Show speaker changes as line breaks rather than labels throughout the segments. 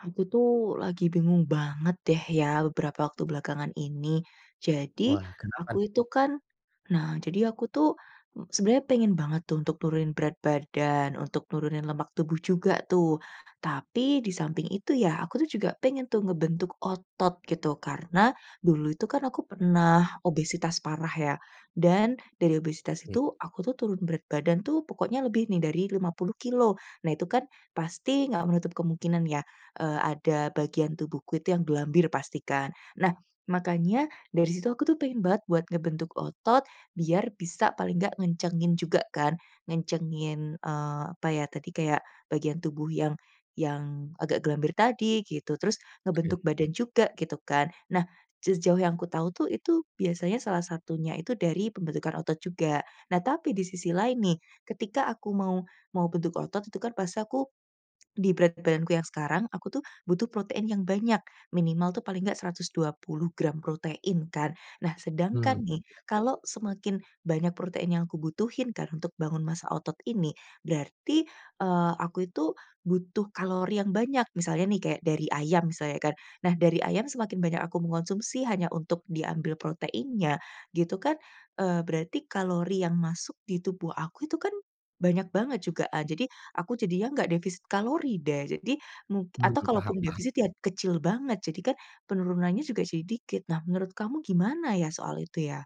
Aku tuh, lagi bingung banget deh ya, beberapa waktu belakangan ini. Jadi,
Wah, kenapa? [unintelligible]
aku itu kan nah, jadi aku tuh, m sebenarnya pengen banget tuh untuk nurunin berat badan, untuk nurunin lemak tubuh juga tuh. Tapi, di samping itu ya, aku tuh juga pengen tuh ngebentuk otot gitu. Karena, dulu itu kan aku pernah, obesitas parah ya, dan, dari obesitas
Iya.
itu, aku tuh turun berat badan tuh, pokoknya lebih nih, dari 50 kilogram. Nah, itu kan, pasti nggak menutup kemungkinan ya, eee, ada bagian tubuhku itu yang gelambir pasti, kan. Nah, makanya dari situ aku tuh, pengen banget buat ngebentuk otot. Biar bisa, paling nggak ngencengin juga kan, ngencengin, eee, apa ya, tadi kayak bagian tubuh yang yang agak gelambir tadi gitu. Terus,
Oke.
ngebentuk badan juga, gitu kan. Nah, sejauh yang aku tahu tuh, itu biasanya salah satunya itu dari pembentukan otot juga. Nah tapi, di sisi lain nih, ketika aku mau mau bentuk otot itu kan, pasti aku. Di berat badanku yang sekarang, aku tuh butuh protein yang banyak, minimal tuh paling enggak 120 gram protein kan? Nah,
Hmm,
sedangkan
ya
nih, kalau
betul.
semakin banyak protein yang aku butuhin kan untuk bangun massa otot ini, berarti, eee, aku itu butuh kalori yang banyak, misalnya nih kayak dari ayam misalnya kan. Nah, dari ayam semakin banyak aku mengkonsumsi hanya untuk diambil proteinnya, gitu kan. Eee, berarti kalori yang masuk di tubuh aku itu kan, banyak banget juga, eee. Jadi, aku jadinya enggak defisit kalori deh, jadi mung
Hmm,
atau
paham
kalaupun
paham.
defisit ya, kecil banget. Jadi kan, penurunannya juga jadi dikit. Nah, menurut kamu gimana ya, soal itu ya?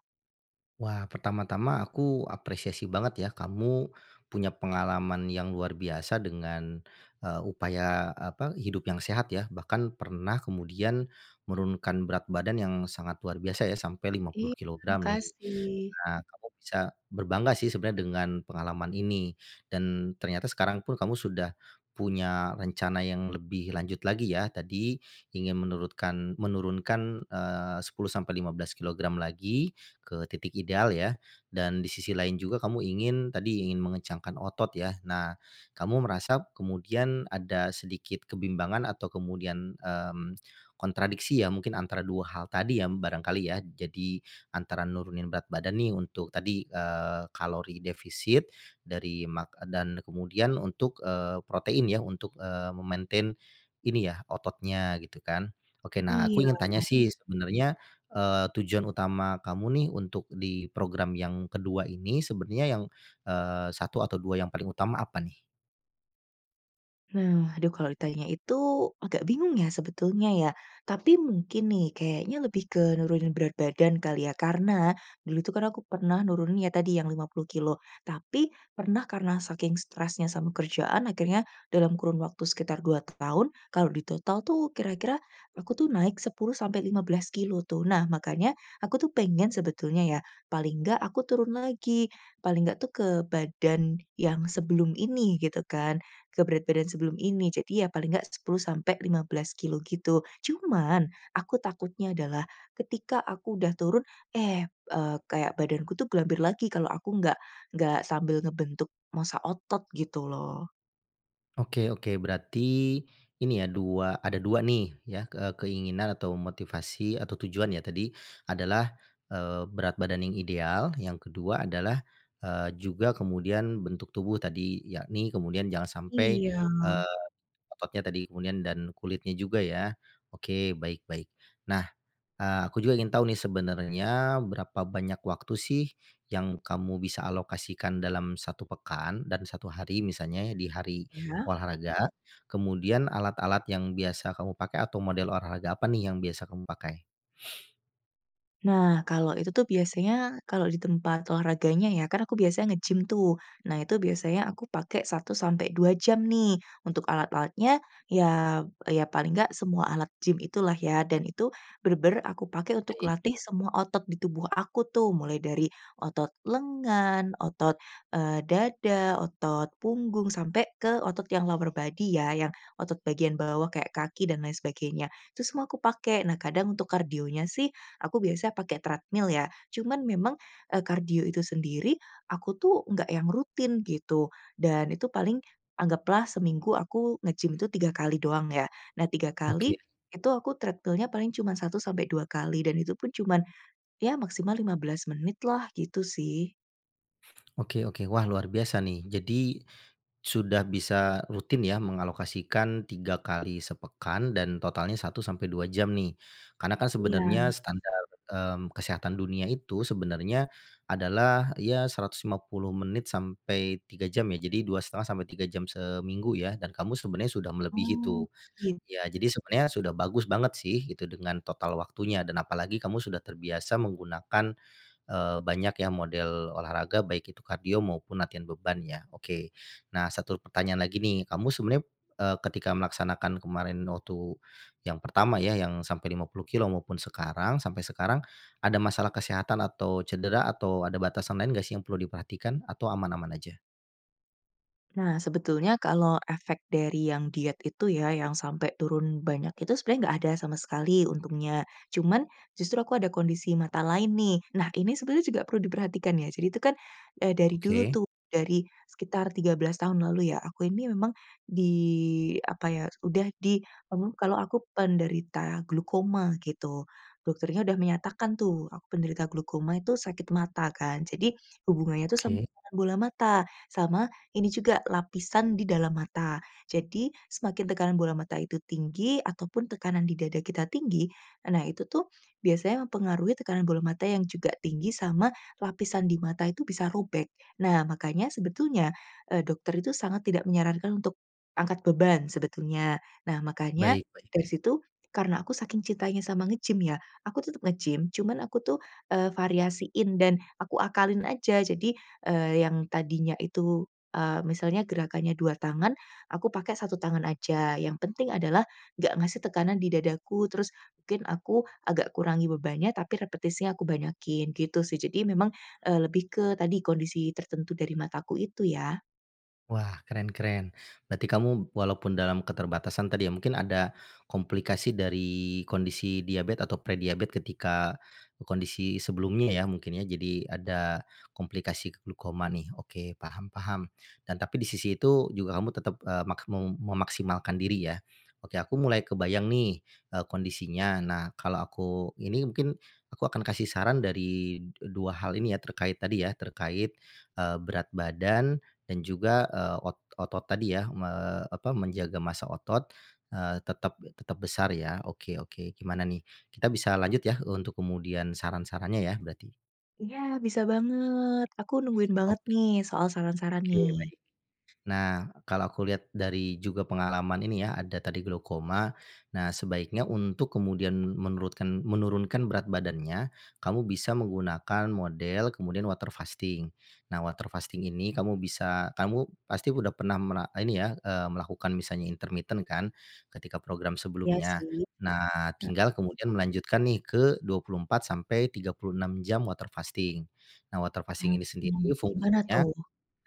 Wah, pertama-tama aku apresiasi banget ya kamu, punya pengalaman yang luar biasa dengan, eee, upaya apa, hidup yang sehat ya, bahkan pernah kemudian, menurunkan berat badan yang sangat luar biasa ya, sampai lima puluh
Iya,
kilogram nih.
makasih.
Nah kamu bisa, berbangga sih sebenarnya dengan pengalaman ini, dan ternyata sekarang pun kamu sudah, punya rencana yang lebih lanjut lagi ya tadi, ingin menurutkan menurunkan, eee, 10-15 kilogram lagi, ke titik ideal ya? Dan di sisi lain juga kamu ingin, tadi ingin mengencangkan otot ya? Nah, kamu merasa kemudian ada sedikit kebimbangan atau kemudian, mmm, kontradiksi ya mungkin antara 2 hal tadi ya, barangkali ya. Jadi, antara nurunin berat badan nih untuk tadi, eee, kalori defisit, dari mak dan kemudian untuk, eee, protein ya untuk, eee, me-maintain, ini ya, ototnya gitu kan. Oke, nah aku
Iya.
ingin tanya sih sebenarnya, eee, tujuan utama kamu nih untuk di program yang kedua ini sebenarnya yang, eee, 1 atau 2, yang paling utama apa nih?
Nah, aduh kalau ditanya itu, agak bingung ya sebetulnya ya, tapi mungkin nih kayaknya lebih ke nurunin berat badan kali ya karena, dulu itu kan aku pernah nurunin ya tadi yang 50 kilogram, tapi pernah karena saking stresnya sama kerjaan akhirnya, dalam kurun waktu sekitar 2 tahun, kalau ditotal tuh kira-kira, aku tuh naik 10-15 kilogram tuh, nah makanya, aku tuh pengen sebetulnya ya, paling enggak aku turun lagi, paling enggak tuh ke badan yang sebelum ini gitu kan, ke berat badan sebelum ini, jadi ya paling enggak 10-15 kilogram gitu. Cuman, aku takutnya adalah, ketika aku udah turun, eh, eee, kayak badanku tuh gelambir lagi kalau aku enggak enggak sambil ngebentuk massa otot gitu loh.
Oke oke, berarti, ini ya 2, ada 2 nih ya, ke keinginan atau motivasi atau tujuan ya tadi, adalah, eee, berat badan yang ideal, yang ke-2 adalah, eee, juga kemudian bentuk tubuh tadi, yakni kemudian jangan sampai,
Iya.
eee, ototnya tadi kemudian dan kulitnya juga ya. Oke, baik baik. Nah, eee, aku juga ingin tahu nih sebenarnya berapa banyak waktu sih yang kamu bisa alokasikan dalam 1 pekan dan 1 hari, misalnya ya di hari
Ya.
olahraga, kemudian alat-alat yang biasa kamu pakai atau model olahraga apa nih yang biasa kamu pakai?
Nah, kalau itu tuh biasanya, kalau di tempat olahraganya ya, kan aku biasanya ngegim tuh, nah itu biasanya aku pakai 1-2 jam nih. Untuk alat-alatnya, ya ya paling enggak semua alat gim itulah ya dan itu, bener-bener aku pakai untuk
Baik.
latih semua otot di tubuh aku tuh, mulai dari otot lengan, otot, eee, dada, otot punggung, sampai ke otot yang lower body ya yang, otot bagian bawah kayak kaki dan lain sebagainya, itu semua aku pakai, nah kadang untuk kardionya sih, aku biasanya pakai treadmill ya, cuman memang, eee, kardio itu sendiri, aku tuh nggak yang rutin gitu, dan itu paling, anggaplah seminggu aku ngegim tuh 3 kali doang ya, nah 3 kali,
Oke.
itu aku treadmill-nya paling cuma 1-2 kali dan itu pun cuman, ya maksimal 15 menit lah gitu sih.
Oke oke, wah, luar biasa nih jadi, sudah bisa rutin ya mengalokasikan 3 kali sepekan dan totalnya 1-2 jam nih. Karena kan
Iya.
sebenarnya standar, mmm, kesehatan dunia itu sebenarnya, adalah ya 150 menit sampai 3 jam ya, jadi 2,5-3 jam seminggu ya, dan kamu sebenarnya sudah melebihi
Oh,
tuh.
iya.
Ya jadi sebenarnya sudah bagus banget sih itu dengan total waktunya dan apalagi kamu sudah terbiasa menggunakan, eee, banyak ya model olahraga baik itu kardio, maupun latihan beban ya, oke. Nah, 1 pertanyaan lagi nih, kamu sebenarnya, eee, ketika melaksanakan kemarin waktu, yang pertama ya, yang sampai 50 kilogram maupun sekarang, sampai sekarang, ada masalah kesehatan, atau cedera, atau ada batasan lain gak sih yang perlu diperhatikan atau aman-aman aja?
Nah, sebetulnya kalau efek dari yang diet itu ya yang sampai turun banyak itu sebenarnya enggak ada sama sekali untungnya. Cuman, justru aku ada kondisi mata lain nih, nah ini sebenarnya juga perlu diperhatikan ya, jadi itu kan, eee, dari dulu
Oke.
tuh, dari, sekitar 13 tahun lalu ya, aku ini memang, di apa ya, udah di [unintelligible] kalau aku penderita glaukoma gitu. Dokternya udah menyatakan tuh, aku penderita glaukoma itu sakit mata kan jadi, hubungannya itu sama
Oke.
bola mata, sama ini juga, lapisan di dalam mata. Jadi, semakin tekanan bola mata itu tinggi ataupun tekanan di dada kita tinggi, nah itu tuh, biasanya mempengaruhi tekanan bola mata yang juga tinggi sama, lapisan di mata itu bisa robek. Nah, makanya sebetulnya, eee, dokter itu sangat tidak menyarankan untuk, angkat beban sebetulnya. Nah makanya,
Baik baik.
dari situ, karena aku saking cintanya sama ngegim ya, aku tetep ngegim, cuman aku tuh, eee, variasiin dan aku akalin aja jadi, eee, yang tadinya itu, eee, misalnya gerakannya 2 tangan, aku pakai 1 tangan aja, yang penting adalah, enggak ngasih tekanan di dadaku terus, mungkin aku, agak kurangi bebannya tapi repetisinya aku banyakin gitu sih, jadi memang, eee, lebih ke tadi kondisi tertentu dari mataku itu ya.
Wah, keren keren, berarti kamu, walaupun dalam keterbatasan tadi ya, mungkin ada, komplikasi dari kondisi diabet atau prediabet, ketika kondisi sebelumnya ya, mungkin ya, jadi ada komplikasi glaukoma nih. Oke, paham paham. Dan tapi di sisi itu juga kamu tetap, eee, maksmum memaksimalkan diri ya? Oke, aku mulai kebayang nih, eee, kondisinya. Nah, kalau aku ini mungkin, aku akan kasih saran dari, eee, 2 hal ini ya terkait tadi ya, terkait, eee, berat badan, dan juga, eee, ot otot tadi ya me apa menjaga massa otot, eee, tetap tetap besar ya, oke oke gimana nih, kita bisa lanjut ya untuk kemudian saran-sarannya ya berarti?
Iya, bisa banget, aku nungguin banget
Oke.
nih soal saran-saran
Oke,
nih.
baik. Nah, kalau aku lihat dari juga pengalaman ini ya ada tadi glaukoma, nah sebaiknya untuk kemudian menurutkan menurunkan berat badannya, kamu bisa menggunakan model, kemudian water fasting. Nah water fasting ini kamu bisa, kamu, pasti udah pernah mera ini ya, eee, melakukan misalnya intermiten kan, ketika program
Iya,
sebelumnya?
sih.
Nah,
Heeh.
tinggal kemudian melanjutkan nih ke 24-36 jam water fasting. Nah water fasting ini
Mhm,
sendiri
gimana
fungsinya
tuh?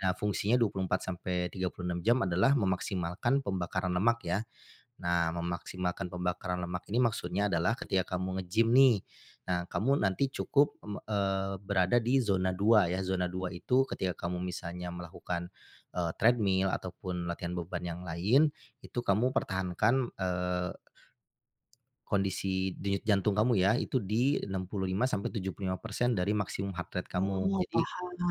nah fungsinya 24-36 jam adalah memaksimalkan pembakaran lemak ya. Nah memaksimalkan pembakaran lemak ini maksudnya adalah ketika kamu ngegim nih, nah kamu nanti cukup, mmm, eee, berada di zona 2 ya, zona 2 itu ketika kamu misalnya melakukan, eee, treadmill ataupun latihan beban yang lain, itu kamu pertahankan, eee, kondisi denyut jantung kamu ya, itu di 65%-75% dari maksimum heart rate kamu.
Oh,
Jadi,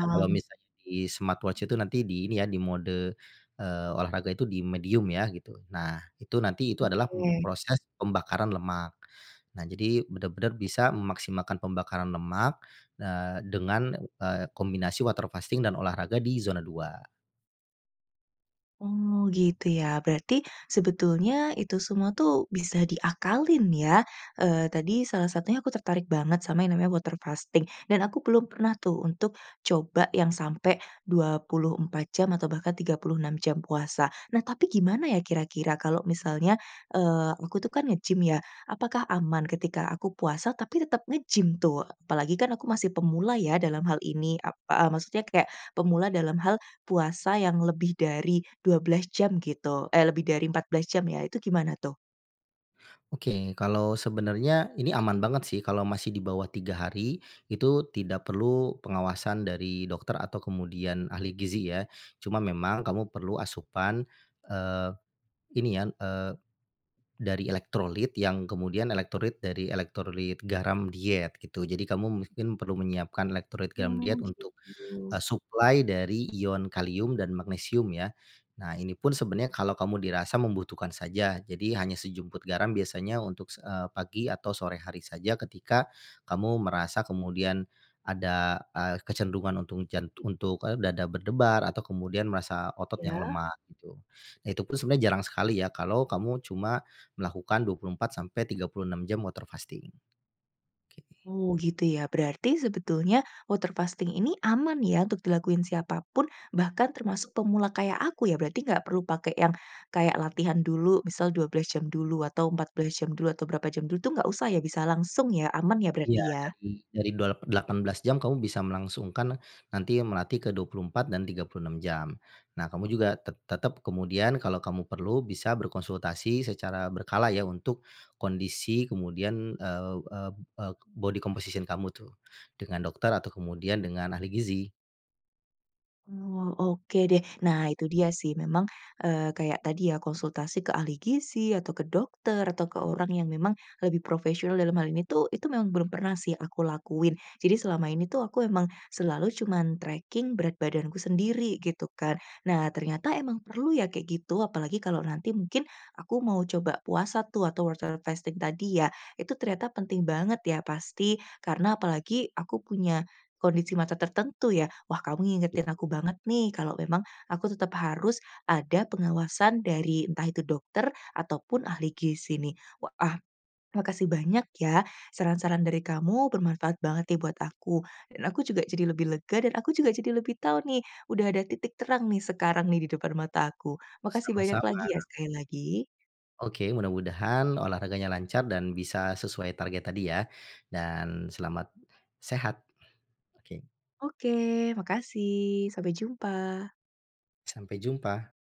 ya kalau misalnya di smartwatch itu nanti di ini ya, di mode, eee, olahraga itu di medium ya gitu, nah, itu nanti itu adalah, mmm,
Oke.
proses pembakaran lemak. Nah jadi benar-benar bisa memaksimalkan pembakaran lemak, eee, dengan, eee, kombinasi water fasting dan olahraga di zona 2.
Oh, gitu ya berarti, sebetulnya itu semua tuh bisa diakalin ya? Eee, tadi salah satunya aku tertarik banget sama yang namanya water fasting, dan aku belum pernah tuh untuk, coba yang sampai 24 jam atau bahkan 36 jam puasa. Nah tapi gimana ya kira-kira kalau misalnya, eee, aku tuh kan ngegim ya, apakah aman ketika aku puasa, tapi tetap ngegim tuh? Apalagi kan aku masih pemula ya dalam hal ini ap eee, maksudnya kayak, pemula dalam hal, puasa yang lebih dari 12 jam gitu eh, lebih dari 14 jam ya, itu gimana tuh?
Oke, kalau sebenarnya, ini aman banget sih, kalau masih di bawah 3 hari, itu tidak perlu pengawasan dari dokter atau kemudian ahli gizi ya, cuma memang kamu perlu asupan, eee, ini ya, eee, dari elektrolit, yang kemudian elektrolit dari elektrolit garam diet gitu, jadi kamu mungkin perlu menyiapkan elektrolit garam
Oh,
diet untuk,
gitu.
eee, suplai dari ion kalium dan magnesium ya. Nah ini pun sebenarnya kalau kamu dirasa membutuhkan saja, jadi hanya sejumput garam biasanya untuk, s eee, pagi atau sore hari saja ketika, kamu merasa kemudian, ada, eee, kecenderungan untung jan untuk, eee, dada berdebar atau kemudian merasa otot yang
Iya.
lemah gitu. Itu pun sebenarnya jarang sekali ya kalau kamu cuma, melakukan 24-36 jam water fasting. Oke.
Oh, gitu ya, berarti sebetulnya, water fasting ini aman ya untuk dilakuin siapa pun, bahkan termasuk pemula kayak aku ya, berarti gak perlu pakai yang, kayak latihan dulu misal 12 jam dulu atau 14 jam dulu, atau berapa jam dulu itu gak usah ya, bisa langsung ya, aman ya
Iya
berarti ya?
dari dari dua la 18 jam kamu bisa melangsungkan, nanti ya melatih ke 24 dan 36 jam. Nah kamu juga te tetap kemudian kalau kamu perlu, bisa berkonsultasi secara berkala ya untuk, kondisi kemudian, eee eee eee, body composition kamu tuh, dengan dokter atau kemudian dengan ahli gizi.
Oh, oke deh, nah itu dia sih memang, eee, kayak tadi ya, konsultasi ke ahli gizi atau ke dokter atau ke orang yang memang, lebih profesional dalam hal ini tuh, itu memang belum pernah sih aku lakuin. Jadi selama ini tuh aku emang, selalu cuman tracking berat badanku sendiri, gitu kan. Nah, ternyata emang perlu ya kayak gitu apalagi kalau nanti mungkin, aku mau coba puasa tuh, atau water fasting tadi ya, itu ternyata penting banget ya pasti, karena apalagi aku punya, kondisi mata tertentu ya. Wah, kamu ngingetin aku
Mhm.
banget nih kalau memang, aku tetap harus, ada pengawasan dari entah itu dokter, ataupun ahli gizi nih. Wa ah, makasih banyak ya, saran-saran dari kamu bermanfaat banget nih buat aku, dan aku juga jadi lebih lega dan aku juga jadi lebih tahu nih, udah ada titik terang nih sekarang nih di depan mataku, makasih banyak
Sama-sama.
lagi ya sekali lagi.
Oke, mudah-mudahan olahraganya lancar dan bisa sesuai target tadi ya. Dan selamat, sehat. Oke.
Oke, makasih, sampai jumpa.
Sampai jumpa.